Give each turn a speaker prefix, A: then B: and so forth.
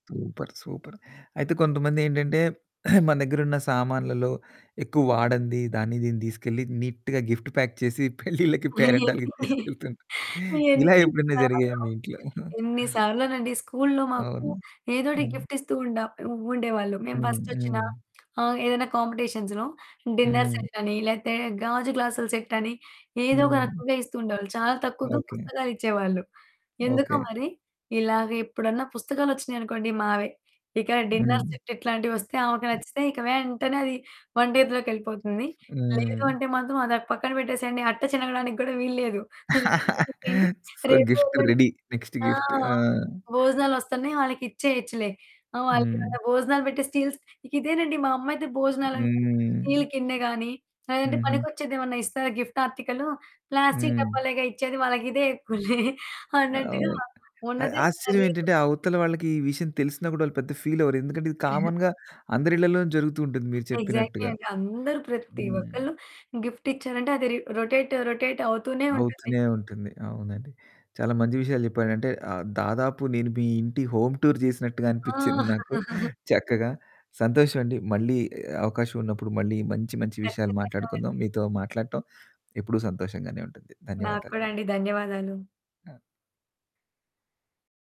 A: Super, super అయితే కొంతమందేంటంటే, మన దగ్గరున్న సామాన్లలో ఎక్కువ వాడంది, దాన్ని దీన్ని తీసుకెళ్ళి నీట్‌గా గిఫ్ట్ ప్యాక్ చేసి పెళ్ళిళ్ళకి, పేరంటాలకి తీసుకెళ్తూ ఉంటారు. ఇలా
B: ఎన్ని
A: ఎప్పుడైనా జరిగాయా
B: సార్లో,
A: మీ ఇంట్లో?
B: ఎన్ని సార్లోనండి స్కూల్లో మాకు.
A: అవును.
B: ఏదోటి
A: హ్మ్.
B: గిఫ్ట్ ఇస్తూ ఉండ ఉ ఉండేవాళ్ళు, మేము
A: హ్మ్.
B: బస్టొచ్చినా,
A: హ్మ్.
B: ఆహ్, ఏదైనా కాంపిటీషన్స్‌లో, డిన్నర్
A: హ్మ్.
B: సెట్ అని, లేతే గాజు గ్లాసుల సెట్ అని, ఏదోక
A: హ్మ్.
B: రకంగా ఇస్తూ ఉండేవాళ్ళు. చాలా తక్కువగా
A: ఓకె.
B: పుస్తకాలు ఇచ్చేవాళ్ళు. ఎందుకో
A: ఓకె.
B: మరి, ఇలాగా ఎప్పుడన్నా పుస్తకాలొచ్చినాయి అనుకోండి, మావే. ఇక డిన్నర్
A: హ్మ్.
B: సెట్ ఇట్లాంటివొస్తే ఆమెకు నచ్చితే, ఇక వెంటనే అది వంటింట్లోకెళ్ళిపోతుంది. లేదు
A: హ్మ్.
B: అంటే మాత్రం, అది అక్ పక్కన పెట్టేసేయండి, అట్ట చినగడానికి కూడా వీలు లేదు.
A: సో,
B: [unintelligible]
A: గిఫ్ట్ రెడీ, నెక్స్ట్
B: ఆ!
A: గిఫ్ట్. ఆ!
B: భోజనాలొస్తన్నయి వాళ్ళకిచ్చేయచ్చులే, ఆహ్, వాళ్ళు
A: హ్మ్.
B: ఇవాళ భోజనాలు పెట్టే స్టీల్స్ ఇక ఇదేనండి మా అమ్మ అయితే భోజనాలంటే,
A: హ్మ్.
B: స్టీల్ కిందే గాని, లేదంటే
A: హుహు.
B: పనికొచ్చేది ఏమన్నా ఇస్తారా, గిఫ్ట్ ఆర్టికలు, ప్లాస్టికు
A: హ్మ్.
B: డబ్బాలేగా ఇచ్చేది, వాళ్ళకిదే ఎక్కువలే
A: హ్మ్. ఆ!
B: అన్నట్టుగా
A: ఓహ్! అయ్
B: ఉన్నదె
A: ఆశ్చర్యం
B: [unintelligible]
A: ఏంటంటే, అవతల వాళ్ళకి ఈ విషయం తెలిసినా కూడా, వాళ్ళు పెద్దగా ఫీలవ్వరు, ఎందుకంటే ఇది కామన్‌గా అందరిళ్ళలోనూ జరుగుతూ ఉంటుంది, మీరు
B: ఎగ్జాక్ట్‌లీ
A: చెప్పినట్టుగా.
B: అండి. అందరు ప్రతి
A: హ్మ్.
B: ఒక్కళ్ళు గిఫ్ట్ ఇచ్చారంటే, అది రి రొటేటు, రొటేట్ అవుతూనే ఉంటుంది.
A: అవుతూనే ఉంటుంది, అవునండి. చాలా మంచి విషయాలు చెప్పాడంటే, ఆహ్, దాదాపు నేను మీ ఇంటి హోమ్ టూర్ చేసినట్టుగా అనిపించింది
B: ఆ!
A: నాకు, చక్కగా. సంతోషం అండి, మళ్ళీ అవకాశం ఉన్నప్పుడు, మళ్ళీ మంచి మంచి విషయాలు
B: ఖచ్చితంగా
A: మాట్లాడుకుందాం,
B: అండి.
A: మీతో మాట్లాడటం ఎప్పుడూ సంతోషంగానే ఉంటుంది.
B: నాకు
A: ధన్యవాదాలండి.
B: కూడా అండి. ధన్యవాదాలు.
A: ఆ!